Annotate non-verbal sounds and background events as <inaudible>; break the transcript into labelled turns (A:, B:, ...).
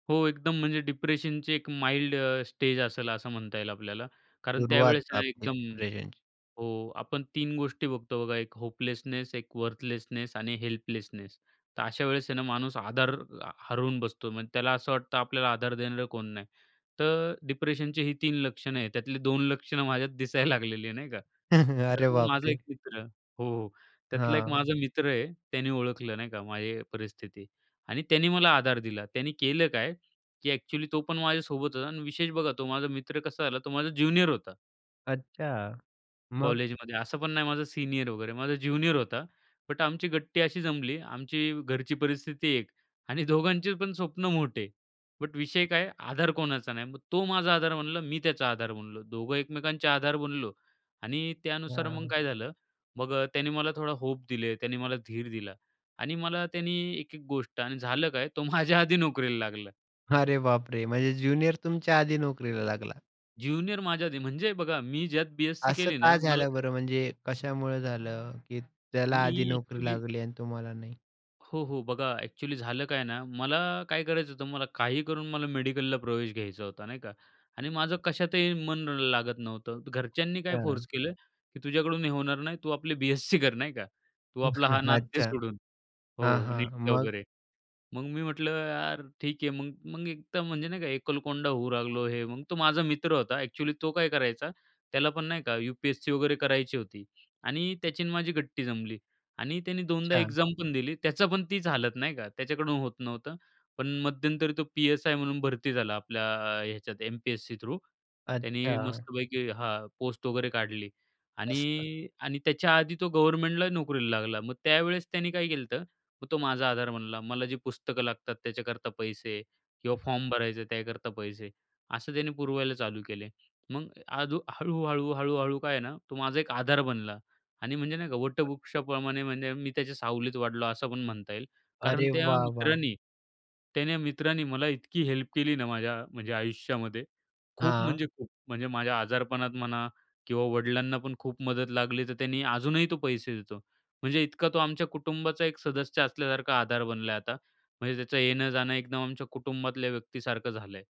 A: हो एकदम म्हणजे डिप्रेशनची एक माईल्ड अ, स्टेज असेल असं म्हणता येईल आपल्याला. कारण
B: सुरुवात
A: त्यावेळेस ना
B: आपली
A: एकदम
B: डिप्रेशनची.
A: हो आपण 3 गोष्टी बघतो बघा. एक होपलेसनेस, एक वर्थलेसनेस आणि हेल्पलेसनेस. तर अशा वेळेस आहे ना, माणूस आधार आ, हरवून बसतो म्हणजे त्याला असं वाटतं आपल्याला आधार देणारं कोण नाही. तर डिप्रेशनचे ही 3 लक्षणं आहेत त्यातली 2 लक्षणं माझ्यात दिसायला लागलेली आहे नाही का.
B: <chuckles>
A: तर
B: अरे
A: मग माझा 1
B: बापरे!
A: मित्र हो त्यातला 1
B: हां.
A: माझा मित्र आहे. त्याने ओळखलं नाही का, माझी परिस्थिती आणि त्याने मला आधार दिला त्यांनी केलं काय, की ॲक्चुअली तो पण माझ्यासोबत होता. आणि विशेष बघा तो माझा मित्र कसा झाला, तो माझा ज्युनियर होता.
B: अच्छा! मग?
A: कॉलेजमध्ये असं पण नाही माझा सीनियर वगैरे माझा ज्युनियर होता. बट आमची गट्टी अशी जमली, आमची घरची परिस्थिती एक आणि दोघांचे पण स्वप्न मोठे. बट विषय काय आधार कोणाचा नाही, मग तो माझा आधार बनला मी त्याचा आधार बनलो. दोघं एकमेकांचे आधार बनलो आणि त्यानुसार मग
B: हां.
A: काय झालं. मग त्याने मला थोडा होप दिले. त्याने मला धीर दिला आणि मला त्यानी एक-एक गोष्ट आणि झालं काय तो माझ्या आधी नोकरीला लागला.
B: अरे बापरे! म्हणजे ज्युनियर तुमच्या आधी नोकरीला लागला?
A: ज्युनियर माझ्या आधी, म्हणजे बघा मी ज्यात बी-एस-सी
B: असं
A: केली
B: का
A: ना मला
B: झालं बरं? म्हणजे कशामुळं झालं? की त्याला
A: मी
B: आधी नोकरी
A: ॲक्चुअली
B: लागली आणि तुम्हाला नाही?
A: हो. हो. बघा ॲक्चुअली झालं काय ना, मला काय करायचं होतं मला काही करून मला मेडिकलला प्रवेश घ्यायचा होता नाही का आणि माझं कशातही मन लागत नव्हतं. घरच्यांनी काय फोर्स
B: हां.
A: केलं की "तुझ्याकडून हे होणार नाही, तू आपली बी-एस-सी कर नाही का. तू आपला हा
B: <chuckles>
A: नाद दे
B: अच्छा!
A: सोडून
B: हां,
A: हो
B: हां.
A: नीटचा
B: मग?
A: वगैरे." मग मी म्हटलं यार ठीक आहे. मग-मग एक तर म्हणजे नाही का एकलकोंडा होऊ लागलो हे मग तो माझा मित्र होता ॲक्चुअली तो काय करायचा त्याला पण नाही का, यूपीएससी वगैरे करायची होती. आणि त्याची आणि माझी गट्टी जमली आणि त्याने 2दा
B: अच्छा!
A: एक्झाम पण दिली, त्याचा पण तीच हालत नाही का, त्याच्याकडून होत नव्हतं. पण मध्यंतरी तो पी-एस-आय म्हणून भरती झाला आपल्या ह्याच्यात एमपीएससी थ्रू. त्याने
B: अच्छा!
A: मस्तपैकी हां पोस्ट वगैरे काढली.
B: असतं.
A: आणि, आणि त्याच्या आधी तो गव्हर्नमेंटलाही नोकरीला लागला. मग त्यावेळेस त्याने काय केलं तर, मग तो माझा आधार बनला, मला जी पुस्तकं लागतात त्याच्याकरता पैसे किंवा फॉर्म भरायचा त्याकरता पैसे असं त्याने पुरवायला चालू केले. मग अजू हळू-हळू-हळू-हळू, काय आहे ना, तो माझा एक आधार बनला. आणि म्हणजे नाही का
B: बरं.
A: वटवृक्षाप्रमाणे म्हणजे मी त्याच्या सावलीत वाढलो असं पण म्हणता येईल. कारण
B: अरे
A: त्या
B: वाह! वाह!
A: मित्रांनी त्याने मित्रांनी मला इतकी हेल्प केली ना, माझ्या म्हणजे आयुष्यामध्ये खूप
B: हां.
A: म्हणजे खूप, म्हणजे माझ्या आजारपणात म्हणा किंवा वडिलांना पण खूप मदत लागली तर त्यांनी अजूनही तो पैसे देतो, म्हणजे इतका तो आमच्या कुटुंबाचा एक सदस्य असल्यासारखा आधार बनला आहे आता. म्हणजे त्याचं येणं-जाणं एकदम आमच्या कुटुंबातल्या व्यक्तीसारखं झालं आहे.